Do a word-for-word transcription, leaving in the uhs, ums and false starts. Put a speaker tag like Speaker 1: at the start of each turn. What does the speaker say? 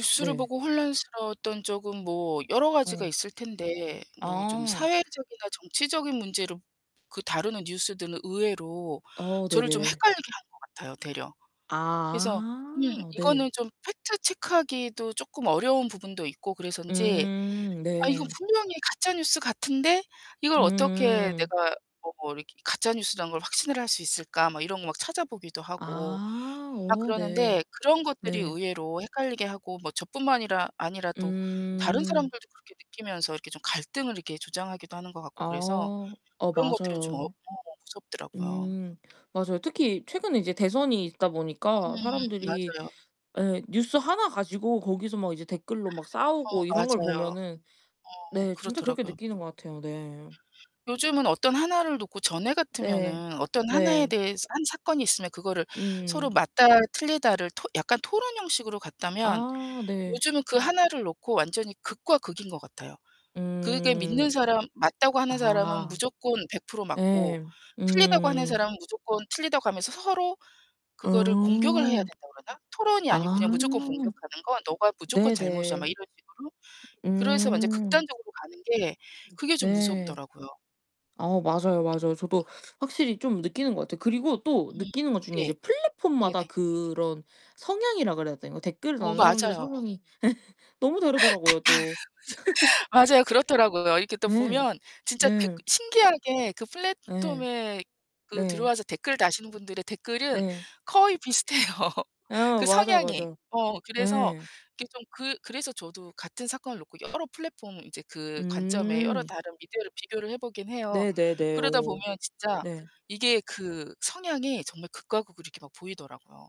Speaker 1: 어, 네.
Speaker 2: 보고 혼란스러웠던 쪽은 뭐 여러 가지가
Speaker 1: 어.
Speaker 2: 있을 텐데 뭐 좀
Speaker 1: 어.
Speaker 2: 사회적이나 정치적인 문제로 그 다루는 뉴스들은 의외로
Speaker 1: 아,
Speaker 2: 저를 좀
Speaker 1: 네네.
Speaker 2: 헷갈리게 하는 것 같아요, 되려. 그래서 음,
Speaker 1: 아, 네.
Speaker 2: 이거는 좀 팩트 체크하기도 쪼끔 어려운 부분도 있고 그래서인지
Speaker 1: 음,
Speaker 2: '아 이거
Speaker 1: 네.
Speaker 2: 분명히 가짜 뉴스 같은데 이걸 어떻게
Speaker 1: 음.
Speaker 2: 내가 뭐 이렇게 가짜 뉴스라는 걸 확신을 할 수 있을까?' 막 이런 거 막 찾아보기도 하고
Speaker 1: 아.
Speaker 2: 막
Speaker 1: 오, 네.
Speaker 2: 그러는데 그런 것들이
Speaker 1: 네.
Speaker 2: 의외로 헷갈리게 하고 뭐 저뿐만이라 아니라 또 다른
Speaker 1: 음.
Speaker 2: 사람들도 그렇게 느끼면서 이렇게 좀 갈등을 이렇게 조장하기도 하는 것 같고 그래서
Speaker 1: 아. 어,
Speaker 2: 그런 것들은 좀 어,
Speaker 1: 맞아요.
Speaker 2: 무섭더라고요.
Speaker 1: 음. 맞아요. 특히 최근에 이제 대선이 있다
Speaker 2: 음,
Speaker 1: 보니까 사람들이
Speaker 2: 맞아요.
Speaker 1: 예, 뉴스 하나 가지고 거기서 막 이제 댓글로 막
Speaker 2: 어,
Speaker 1: 싸우고 이런 걸
Speaker 2: 맞아요.
Speaker 1: 보면은
Speaker 2: 어.
Speaker 1: 네, 진짜 그렇게
Speaker 2: 그렇더라고요.
Speaker 1: 느끼는 것 같아요. 네.
Speaker 2: 요즘은 어떤 하나를 놓고 전에
Speaker 1: 네.
Speaker 2: 같으면은 어떤 하나에
Speaker 1: 네.
Speaker 2: 대해서 한 사건이 있으면 그것을 서로
Speaker 1: 음.
Speaker 2: 맞다 틀리다를 토 약간 토론 형식으로 갔다면
Speaker 1: 아, 네.
Speaker 2: 요즘은 그 하나를 놓고 완전히 극과 극인 것 같아요. 그게
Speaker 1: 음.
Speaker 2: 믿는 사람 맞다고 하는 사람은
Speaker 1: 아.
Speaker 2: 무조건 백 프로 맞고
Speaker 1: 예.
Speaker 2: 틀리다고 하는
Speaker 1: 음.
Speaker 2: 사람은 무조건 틀리다고 하면서 서로 그거를 공격을 해야
Speaker 1: 아.
Speaker 2: 된다고 그러나? 토론이 아니고
Speaker 1: 아.
Speaker 2: 그냥 무조건 공격하는 건 "너가 무조건 잘못이야." 막
Speaker 1: 네네.
Speaker 2: 이런 식으로. 그래서 완전
Speaker 1: 음.
Speaker 2: 극단적으로 가는 게 그게 좀
Speaker 1: 네.
Speaker 2: 무섭더라고요.
Speaker 1: 아 맞아요 맞아요. 저도 확실히 좀 느끼는 것 같아요. 그리고 또
Speaker 2: 음,
Speaker 1: 느끼는 것 중에
Speaker 2: 네.
Speaker 1: 이제 플랫폼마다
Speaker 2: 네네.
Speaker 1: 그런 성향이라고 그래야 되나? 댓글을
Speaker 2: 어
Speaker 1: 다는 사람들의
Speaker 2: 맞아요.
Speaker 1: 성향이 너무 다르더라고요, 또.
Speaker 2: [unintelligible] 맞아요. 그렇더라고요. 이렇게 또
Speaker 1: 예.
Speaker 2: 보면 진짜 대
Speaker 1: 네.
Speaker 2: 신기하게 그
Speaker 1: 예.
Speaker 2: 플랫톰에 그
Speaker 1: 네.
Speaker 2: 들어와서 댓글 다시는 분들의 댓글은
Speaker 1: 네.
Speaker 2: 거의 비슷해요,
Speaker 1: 예.
Speaker 2: 그
Speaker 1: 맞아요,
Speaker 2: 성향이.
Speaker 1: 맞아요.
Speaker 2: 어, 그래서
Speaker 1: 예.
Speaker 2: 이게 좀 그 그래서 저도 같은 사건을 놓고 여러 플랫폼 그 관점에 여러
Speaker 1: 음.
Speaker 2: 다른 미디어를 비교를 해보긴 해요.
Speaker 1: 네네네.
Speaker 2: 그러다
Speaker 1: 오.
Speaker 2: 보면 진짜
Speaker 1: 네.
Speaker 2: 이게 그 성향이 정말 극과 극으로 이렇게 막 보이더라고요.